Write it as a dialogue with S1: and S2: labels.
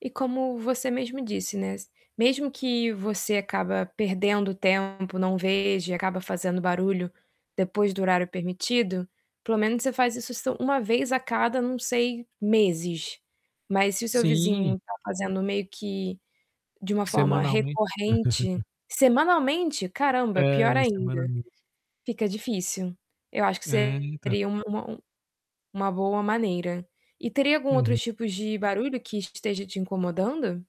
S1: E como você mesmo disse, né, s mesmo que você acaba perdendo tempo, não veja e acaba fazendo barulho depois do horário permitido, pelo menos você faz isso s 1 vez a cada, não sei, meses. Mas se o seu
S2: Sim.
S1: vizinho tá fazendo meio que de uma forma
S2: Semanalmente
S1: recorrente Semanalmente? Caramba,
S2: É,
S1: pior ainda.
S2: semanalmente.
S1: Fica difícil. Eu acho que
S2: É, então.
S1: seria uma u uma boa maneira. E teria algum
S2: Uhum.
S1: outros tipos de barulho que esteja te incomodando?